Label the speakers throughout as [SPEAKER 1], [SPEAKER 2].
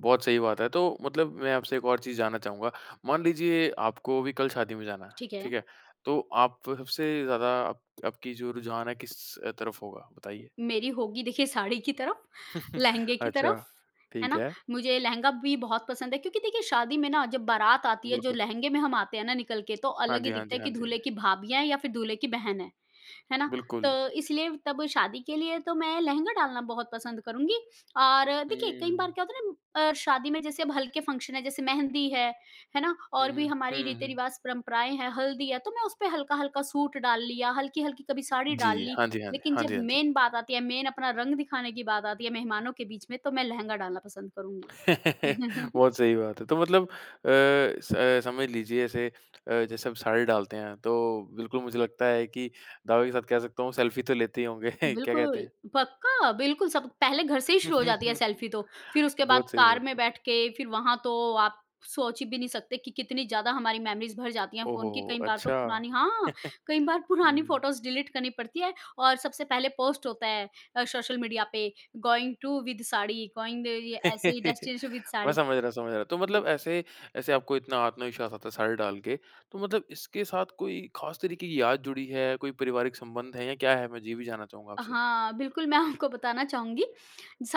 [SPEAKER 1] बहुत सही बात है, तो मतलब मैं आपसे एक और चीज़ जानना चाहूँगा, मान लीजिए, आपको अभी कल शादी में जाना है।
[SPEAKER 2] ठीक
[SPEAKER 1] ठीक
[SPEAKER 2] है।
[SPEAKER 1] है? तो आप सबसे ज़्यादा आप आपकी जो रुझान है किस तरफ होगा? बताइए।
[SPEAKER 2] मेरी होगी देखिए साड़ी की तरफ, लहंगे की
[SPEAKER 1] अच्छा,
[SPEAKER 2] तरफ, है
[SPEAKER 1] ठीक
[SPEAKER 2] ना?
[SPEAKER 1] है।
[SPEAKER 2] मुझे लहंगा भी बहुत पसंद है क्योंकि देखिए शादी में ना जब बारात आती है, जो
[SPEAKER 1] बिल्कुल।
[SPEAKER 2] लहंगे में हम आते हैं ना निकल के तो
[SPEAKER 1] हाँ
[SPEAKER 2] अलग
[SPEAKER 1] जी,
[SPEAKER 2] ही
[SPEAKER 1] हाँ
[SPEAKER 2] दिखता
[SPEAKER 1] जी।
[SPEAKER 2] है
[SPEAKER 1] हाँ
[SPEAKER 2] कि
[SPEAKER 1] जी, हाँ
[SPEAKER 2] दूल्हे
[SPEAKER 1] जी।
[SPEAKER 2] की भाभियाँ हैं या फिर दूल्हे की बहन है। है ना? तो
[SPEAKER 1] बिल्कुल।
[SPEAKER 2] इसलिए तब शादी के लिए तो मैं लहंगा डालना बहुत पसंद करुँगी। और देखिए, कई
[SPEAKER 1] हुँ।
[SPEAKER 2] बार क्या होता है ना अ, शादी में जैसे अब हल्के फंक्शन है, जैसे मेहंदी है, है ना
[SPEAKER 1] हुँ,
[SPEAKER 2] और
[SPEAKER 1] हुँ।
[SPEAKER 2] भी
[SPEAKER 1] हुँ,
[SPEAKER 2] हमारी
[SPEAKER 1] हुँ, हुँ।
[SPEAKER 2] रीति-रिवाज़, परम्पराएँ हैं, हल्दी है तो मैं उसपे हल्का-हल्का सूट डाल लिया, हल्की-हल्की कभी साड़ी
[SPEAKER 1] जी।
[SPEAKER 2] डाल ली।
[SPEAKER 1] हाँ जी, हाँ जी।
[SPEAKER 2] लेकिन
[SPEAKER 1] हाँ जी,
[SPEAKER 2] जब
[SPEAKER 1] हाँ जी।
[SPEAKER 2] मेन बात आती है, मेन अपना रंग दिखाने की बात आती है, मेहमानों के बीच में तो मैं लहंगा डालना पसंद करुँगी।
[SPEAKER 1] बहुत सही बात है, तो मतलब अ, स अ, समझ लीजिए जैसे अ, जैसे आप साड़ी डालते हैं, तो बिल्कुल मुझे लगता है कि दावे के साथ कह सकता हूँ सेल्फी तो लेते ही होंगे? क्या कहते
[SPEAKER 2] बिल्कुल,
[SPEAKER 1] हैं?
[SPEAKER 2] पक्का बिल्कुल सब पहले घर से ही शुरू हो जाती है सेल्फी तो, फिर उसके बाद
[SPEAKER 1] बहुत सही,
[SPEAKER 2] कार
[SPEAKER 1] बहुत
[SPEAKER 2] में
[SPEAKER 1] सही।
[SPEAKER 2] बैठ के फिर वहाँ तो आप सोच भी नहीं सकते कि कितनी ज़्यादा हमारी मेमोरीज़ भर जाती है
[SPEAKER 1] ओह हो,
[SPEAKER 2] फ़ोन की।
[SPEAKER 1] हो!
[SPEAKER 2] कई बार तो
[SPEAKER 1] अच्छा।
[SPEAKER 2] पुरानी हाँ, कई बार पुरानी
[SPEAKER 1] हुँ।
[SPEAKER 2] फोटोज़ डिलीट करनी पड़ती है और सबसे पहले पोस्ट होता है अ, सोशल मीडिया पे going to with sari going the अ, ये ऐसे ही डेस्टिनेशन विद
[SPEAKER 1] मैं
[SPEAKER 2] साड़ी,
[SPEAKER 1] समझ रहा समझ रहा, तो मतलब
[SPEAKER 2] हाँ।
[SPEAKER 1] ऐसे ऐसे आपको इतना आत्मविश्वास आता है साड़ी डाल के, तो मतलब इसके साथ कोई ख़ास तरीके की याद जुड़ी है, कोई पारिवारिक संबंध है या क्या है? मैं ज ये भी जानना चाहूँगा आपसे।
[SPEAKER 2] हाँ, बिल्कुल मैं आपको बताना चाहूँगी,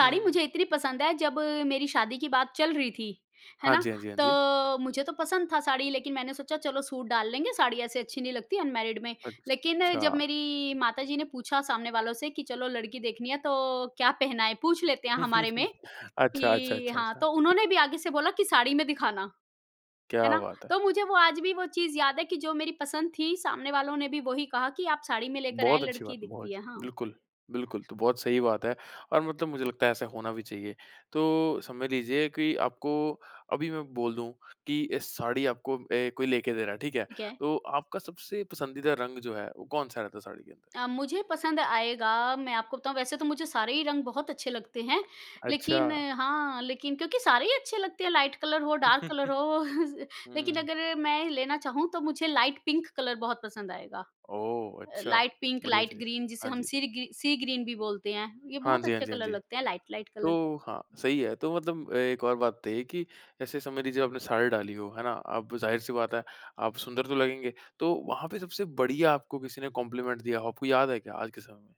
[SPEAKER 1] हुँ, हुँ, हुँ।
[SPEAKER 2] मुझे इतनी पसंद है जब मेरी शादी की बात चल रही थी। है
[SPEAKER 1] हाँ
[SPEAKER 2] ना?
[SPEAKER 1] जी, हाँ जी, हाँ जी।
[SPEAKER 2] तो मुझे तो पसंद था साड़ी लेकिन मैंने सोचा चलो सूट डाल लेंगे साड़ी ऐसे अच्छी नहीं लगती अनमैरिड में। लेकिन जब
[SPEAKER 1] अच्छा।
[SPEAKER 2] मेरी माताजी ने पूछा सामने वालों से कि चलो लड़की देखनी है, तो क्या पहनाएँ है पूछ लेते हैं हमारे में?
[SPEAKER 1] अच्छा, अच्छा,
[SPEAKER 2] कि
[SPEAKER 1] अच्छा,
[SPEAKER 2] हाँ,
[SPEAKER 1] अच्छा।
[SPEAKER 2] तो
[SPEAKER 1] ठि
[SPEAKER 2] उन्होंने भी आगे से बोला की साड़ी में दिखाना। है
[SPEAKER 1] क्या
[SPEAKER 2] ना?
[SPEAKER 1] बात है।
[SPEAKER 2] तो मुझे वो आज भी वो चीज़ याद है कि जो मेरी पसंद थी, सामने वालों ने भी वही कहा कि आप साड़ी में लेकर
[SPEAKER 1] बहुत
[SPEAKER 2] आएँ,
[SPEAKER 1] अच्छी बात
[SPEAKER 2] लड़की
[SPEAKER 1] है। बहुत
[SPEAKER 2] दिखती
[SPEAKER 1] अच्छी,
[SPEAKER 2] है। हाँ।
[SPEAKER 1] बिल्कुल, बिल्कुल तो बहुत सही बात है और मतलब मुझे लगता है ऐसा होना भी चाहिए। तो, समझ लीजिए कि आपको अभी मैं बोल दूँ, कि इस साड़ी आपको अ, कोई लेके दे रहा है, ठीक है?
[SPEAKER 2] ठीक है।
[SPEAKER 1] तो आपका सबसे पसंदीदा रंग जो है, वो कौन-सा रहता है साड़ी के अंदर?
[SPEAKER 2] अ, मुझे पसंद आएगा, मैं आपको बताऊँ वैसे तो मुझे सारे ही रंग बहुत अच्छे लगते हैं। लेकिन
[SPEAKER 1] अच्छा।
[SPEAKER 2] हाँ, लेकिन क्योंकि सारे ही अच्छे लगते हैं लाइट कलर हो, डार्क कलर हो, लेकिन
[SPEAKER 1] हुँ।
[SPEAKER 2] अगर मैं लेना चाहूँ, तो मुझे लाइट पिंक कलर बहुत पसंद आएगा।
[SPEAKER 1] ओह
[SPEAKER 2] अ,
[SPEAKER 1] अच्छा!
[SPEAKER 2] लाइट पिंक,
[SPEAKER 1] बढ़िया
[SPEAKER 2] लाइट
[SPEAKER 1] चीज़,
[SPEAKER 2] ग्रीन जिसे
[SPEAKER 1] हाँ
[SPEAKER 2] हम
[SPEAKER 1] जी।
[SPEAKER 2] सीर् गी सी ग्रीन भी बोलते हैं, ये
[SPEAKER 1] हाँ
[SPEAKER 2] बहुत
[SPEAKER 1] जी, हाँ
[SPEAKER 2] अच्छे
[SPEAKER 1] जी, हाँ
[SPEAKER 2] कलर
[SPEAKER 1] जी।
[SPEAKER 2] लगते हैं लाइट लाइट कलर के।
[SPEAKER 1] तो हाँ, सही है। तो मतलब एक और बात है बताइए कि ऐसे समझ लीजिए आपने साड़ी डाली हो, है ना? अब जाहिर-सी बात है, आप सुंदर तो लगेंगे। तो वहाँ पे सबसे बढ़िया आपको किसी ने कॉम्प्लीमेंट दिया हो, आपको याद है क्या आज के समय में?